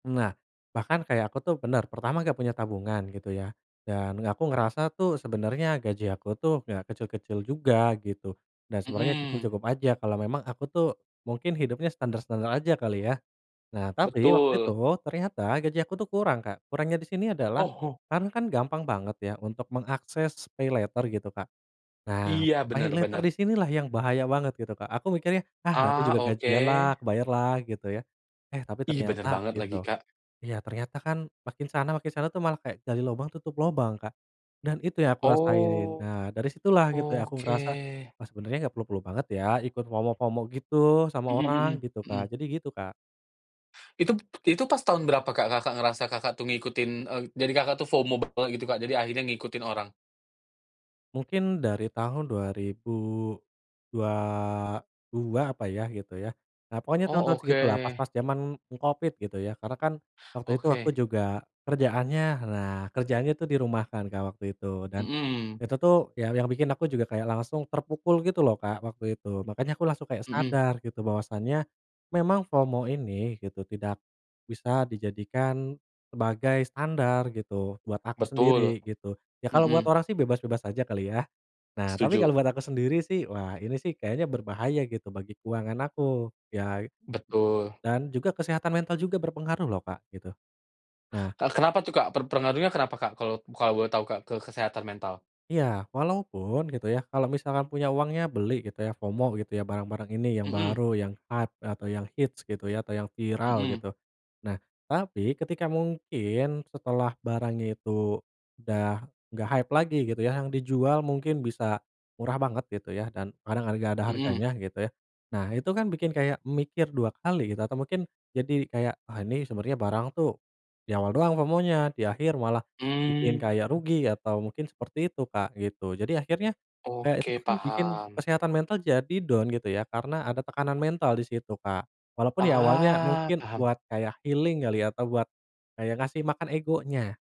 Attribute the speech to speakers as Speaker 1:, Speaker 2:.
Speaker 1: Nah, bahkan kayak aku tuh benar, pertama nggak punya tabungan, gitu ya, dan aku ngerasa tuh sebenarnya gaji aku tuh nggak kecil-kecil juga, gitu. Dan, sebenarnya,
Speaker 2: Mhm.
Speaker 1: cukup-cukup aja kalau memang aku tuh mungkin hidupnya standar-standar aja, kali ya? Nah, tapi, waktu itu
Speaker 2: Betul.
Speaker 1: ternyata gaji aku tuh kurang, Kak. Kurangnya di sini adalah
Speaker 2: Oh oh.
Speaker 1: sekarang kan gampang banget ya, untuk mengakses paylater, gitu, Kak. Nah,
Speaker 2: Iya, benar
Speaker 1: paylater, di
Speaker 2: benar.
Speaker 1: sini lah yang bahaya banget, gitu Kak. Aku mikirnya, "Ah, nanti
Speaker 2: Ah,
Speaker 1: juga gajian
Speaker 2: oke.
Speaker 1: lah, kebayar lah." Gitu, ya. Eh tapi
Speaker 2: Ih, benar
Speaker 1: ternyata,
Speaker 2: banget lagi,
Speaker 1: gitu,
Speaker 2: Kak.
Speaker 1: iya, ternyata kan makin sana, makin sana tuh malah kayak gali lubang tutup lubang, Kak. Dan, itu yang aku rasain.
Speaker 2: Oh,
Speaker 1: Nah, dari situlah gitu ya aku ngerasa,
Speaker 2: oke.
Speaker 1: "Wah, sebenarnya nggak perlu-perlu banget ya, ikut FOMO-FOMO gitu, sama
Speaker 2: Mhm
Speaker 1: orang."
Speaker 2: mhm
Speaker 1: Gitu,
Speaker 2: mhm.
Speaker 1: Kak. Jadi gitu, Kak.
Speaker 2: Itu itu pas tahun berapa, Kak? Kakak ngerasa Kakak tuh ngikutin eee, dari Kakak tuh FOMO bekel, gitu Kak, jadi akhirnya ngikutin orang?
Speaker 1: Mungkin dari tahun 2022, apa ya? Gitu, ya. Nah, pokoknya
Speaker 2: Oh,
Speaker 1: tahun-tahun segitu lah,
Speaker 2: oke.
Speaker 1: pas-pas zaman Covid, gitu ya. Karena kan waktu itu aku
Speaker 2: Oke.
Speaker 1: juga kerjaannya nah, kerjaannya itu dirumahkan Kak, waktu itu. Dan,
Speaker 2: Mhm.
Speaker 1: itu tuh ya yang bikin aku juga kayak langsung terpukul gitu loh, Kak, waktu itu. Makanya aku langsung kayak
Speaker 2: Mhm.
Speaker 1: sadar, gitu, bahwasannya memang FOMO ini gitu, tidak bisa dijadikan sebagai standar gitu, buat aku
Speaker 2: Betul,
Speaker 1: sendiri, gitu. Ya, kalau buat
Speaker 2: mhm.
Speaker 1: orang sih bebas-bebas aja, kali, ya? Nah, tapi
Speaker 2: Setuju.
Speaker 1: kalau buat aku sendiri sih, wah, ini sih kayaknya berbahaya gitu, bagi keuangan aku. Ya
Speaker 2: Betul.
Speaker 1: dan juga kesehatan mental juga berpengaruh loh, Kak, gitu. Nah
Speaker 2: Kak, kenapa tuh Kak per pengaruhnya kenapa Kak, kalo kalo boleh tau Kak, ke kesehatan mental?
Speaker 1: Iya, walaupun, gitu ya, kalau misalkan punya uangnya, beli gitu ya, FOMO, gitu ya, barang-barang ini yang
Speaker 2: Mhm.
Speaker 1: baru, yang hat atau yang hits, gitu ya, atau yang viral,
Speaker 2: Mhm.
Speaker 1: gitu. Nah tapi, ketika mungkin setelah barangnya itu udah nggak hype lagi, gitu ya, yang dijual mungkin bisa murah banget gitu ya, dan kadang lagi nggak ada
Speaker 2: Mhm.
Speaker 1: harganya, gitu ya. Nah, itu kan bikin kayak mikir 2 kali, gitu, atau mungkin jadi kayak, "Ah, ini sebenarnya barang tuh di awal doang FOMO-nya, di akhir malah bikin kayak
Speaker 2: Mmm.
Speaker 1: rugi." Atau mungkin seperti itu Kak, gitu. Jadi, akhirnya, kayak itu
Speaker 2: Oke,
Speaker 1: tuh kan bikin
Speaker 2: paham.
Speaker 1: kesehatan mental jadi down, gitu ya, karena ada tekanan mental di situ, Kak. Walaupun ya awalnya
Speaker 2: Ah,
Speaker 1: mungkin
Speaker 2: paham.
Speaker 1: buat kayak healing, kali, atau buat kayak ngasih makan egonya.